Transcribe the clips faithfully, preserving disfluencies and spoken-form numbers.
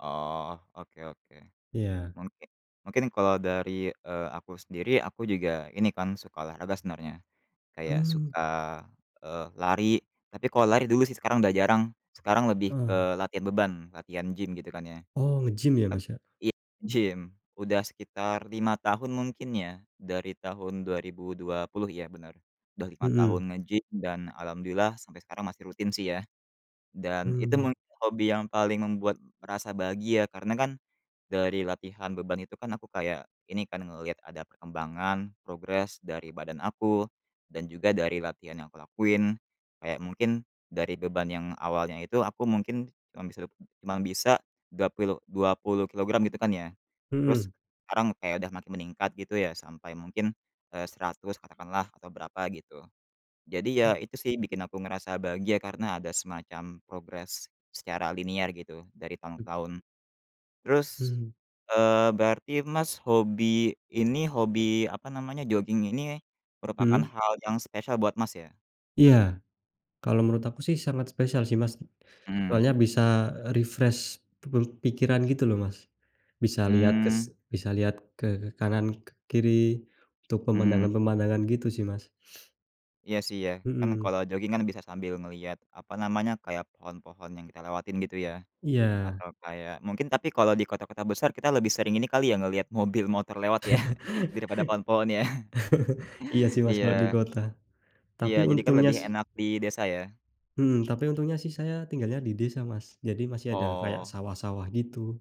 Oh, oke oke. Iya. Mungki mungkin kalau dari, eee, aku sendiri, aku juga ini, kan, suka olahraga sebenarnya, kayak Mmm. suka, eee, lari. Tapi kalau lari dulu, sih, sekarang udah jarang, sekarang lebih Mmm. ke latihan beban, latihan gym, gitu, kan, ya. Oh, nge-gym, ya, Eee, Mas, ya? i gym, udah sekitar lima tahun mungkin, ya, dari tahun dua ribu dua puluh iya benar, udah lima tahun Mhm. nge-gym dan alhamdulillah sampai sekarang masih rutin, sih, ya. Dan itu Mmm. mungkin hobi yang paling membuat merasa bahagia, karena, kan, dari latihan beban itu kan, aku kayak ini kan, ngelihat ada perkembangan, progres dari badan aku, dan juga dari latihan yang kulakuin, kayak mungkin dari beban yang awalnya itu aku mungkin cuma bisa dap cuma bisa dua pilu dua puluh kilogram, gitu, kan, ya, terus Mhm. sekarang kayak udah makin meningkat, gitu, ya, sampai mungkin, eee, seratus katakanlah, atau berapa, gitu. Jadi, Mmm. ya, itu, sih, bikin aku ngerasa bahagia karena ada semacam progres secara linear, gitu, dari tahun ke tahun. Terus, Hmm. eee, berarti, Mas, hobi ini hobi apa namanya, joging ini merupakan Hmm. hal yang spesial buat, Mas, ya? Iya, kalau menurut aku, sih, sangat spesial, sih, Mas, Mmm. soalnya bisa, eee, refresh pu pikiran, gitu, loh, Mas. Bisa lihat kes Mmm. bisa lihat ke kanan ke kiri untuk Mmm. pemandangan-pemandangan, gitu, sih, Mas. Iya, sih, ya, kan, Mhm. kalau joging, kan, bisa sambil ngelihat, apa namanya, kayak pohon-pohon yang kita lewatin, gitu, ya. Iya. Atau kayak mungkin tapi kalau di kota-kota besar kita lebih sering ini kali, ya, ngelihat mobil, motor, lewat, ya, daripada pohon-pohon, ya. Iya, sih, Mas, Iya. kalau di kota, Iya, tapi jadi, kan, untungnya, lebih sih enak di desa, ya. Hmm, tapi untungnya, sih, saya tinggalnya di desa, Mas, jadi masih ada kayak Oh. sawah-sawah, gitu,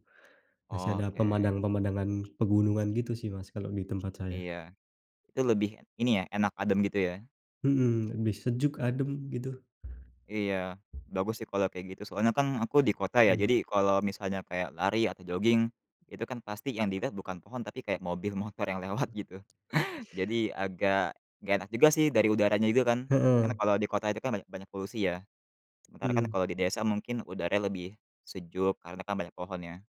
masih Oh, ada oke. pemandang-pemandangan pegunungan, gitu, sih, Mas, kalau di tempat saya. Iya, itu lebih ini, ya, enak, adem, gitu, ya. Mhm, lebih sejuk, adem, gitu. Iya, bagus, sih, kalau kayak gitu, soalnya, kan, aku di kota, ya, Mmm. jadi kalau misalnya kayak lari atau joging, itu, kan, pasti yang dilihat bukan pohon tapi kayak mobil, motor yang lewat, gitu. Jadi agak nggak enak juga, sih, dari udaranya itu, kan. Kan, Heeh. kalau di kota itu, kan, banyak banyak polusi, ya, sementara, kan, Mmm. kalau di desa mungkin udaranya lebih sejuk karena, kan, banyak pohon, ya.